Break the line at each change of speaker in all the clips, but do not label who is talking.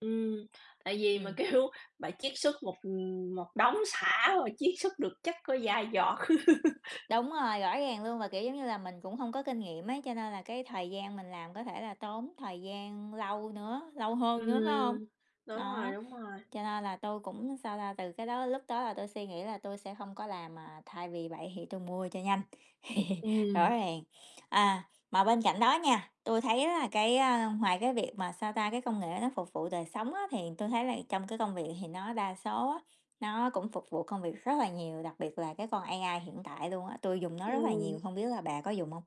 Ừm. Tại vì mà
Ừm.
kêu bạn chiết xuất một, ừm, một đống sả mà chiết xuất được chắc có vài giọt.
Đúng rồi, rõ ràng luôn. Và, kiểu giống như là, mình cũng hông có kinh nghiệm ấy, cho nên là cái thời gian mình làm có thể là tốn thời gian lâu nữa, lâu hơn nữa, phải hông?
Ừm. Đúng rồi,
Nó.
đúng rồi.
Cho nên là tôi cũng, sao ta, từ cái đó lúc đó là tui suy nghĩ là tui sẽ không có làm, à thay vì vậy thì tui mua cho nhanh. Rõ
Ừm.
ràng. À, mà bên cạnh đó nha, tui thấy á là cái, a, ngoài cái việc mà, sao ta, cái công nghệ nó phục vụ đời sống á thì tui thấy là trong cái công việc thì nó đa số á nó cũng phục vụ công việc rất là nhiều, đặc biệt là cái con AI hiện tại luôn á. Tui dùng nó rất là
Ừm.
nhiều, không biết là bà có dùng hông?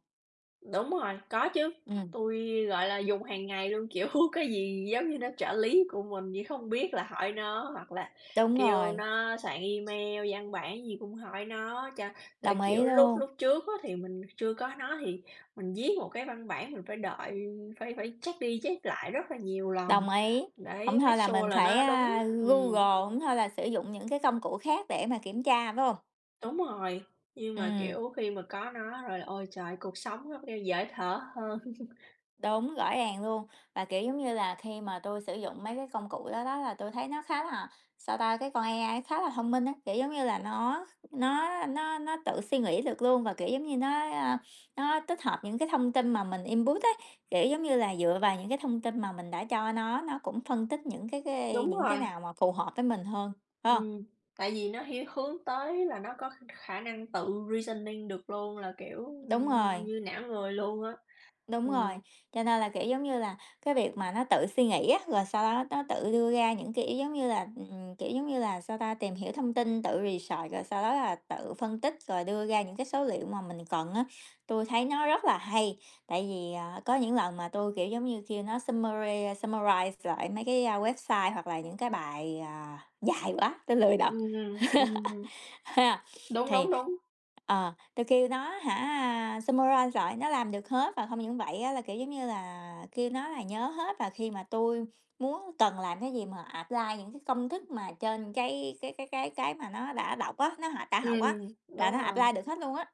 Đúng rồi, có chứ.
Ừm.
Tui, gọi là, dùng hàng ngày luôn, kiểu, cái gì giống như nó trợ lý của mình như không biết là hỏi nó. Hoặc là
Đúng
kêu
rồi.
nó soạn email, văn bản gì cũng hỏi nó cho ờ,
Đồng ý
kiểu, lúc
luôn.
lúc trước á thì mình chưa có nó thì mình viết một cái văn bản mình phải đợi phải phải check đi check lại rất là nhiều lần.
Đồng ý. Hổng
Đấy,
thôi
make
là mình
sure là
phải,
nó đúng,
a, Google,
ừm.
hổng thôi là sử dụng những cái công cụ khác để mà kiểm tra, phải hông?
Đúng rồi. Như mà,
Ừm.
kiểu, khi mà có nó rồi là ôi trời ơi, cuộc sống nó kêu dễ thở hơn.
Đúng, rõ ràng luôn. Và, kiểu giống như là, khi mà tui sử dụng mấy cái công cụ đó đó, là tui thấy nó khá là, sao ta, cái con AI khá là thông minh á, kiểu giống như là, nó kh nó nó nó tự suy nghĩ được luôn. Và, kiểu giống như, nó, a, nó tích hợp những cái thông tin mà mình input ấy, kiểu giống như là, dựa vào những cái thông tin mà mình đã cho nó, nó cũng phân tích những cái cái
Đúng
những
rồi.
cái nào mà phù hợp với mình hơn, phải hông?
Ừm, tại vì nó hiếu hướng tới là nó có khả khả năng tự reasoning được luôn, là, kiểu, ưm,
Đúng
ưm,
rồi.
như não người luôn á.
Đúng rồi,
Ừm.
cho nên là, kiểu giống như là, cái việc mà nó tự suy nghĩ á, rồi sau đó nó tự đưa ra những cái ý giống như là, ừm, kiểu giống như là, sao ta, tìm hiểu thông tin, tự research, rồi sau đó là tự phân tích rồi đưa ra những cái số liệu mà mình cần á. Tui thấy nó rất là hay, tại vì, ờ, có những lần mà tui, kiểu giống như, kêu nó summary summarize lại mấy cái, a, website hoặc là những cái bài, à, dài quá, tôi lười đọc.
Ừm, ừm. Ừm, ừm.
Ha.
Đúng,
Thì
đúng, đúng.
ờ, tôi kêu nó hả, a, summarize lại nó làm được hết, và không những vậy á là, kiểu giống như là, kêu nó là nhớ hết, và khi mà tui muốn cần làm cái gì mà apply những cái công thức mà trên cái cái cái cái cái mà nó đã đọc á, nó hoạt đã học á,
Ừm,
là
đúng
nó apply
rồi.
được hết luôn á.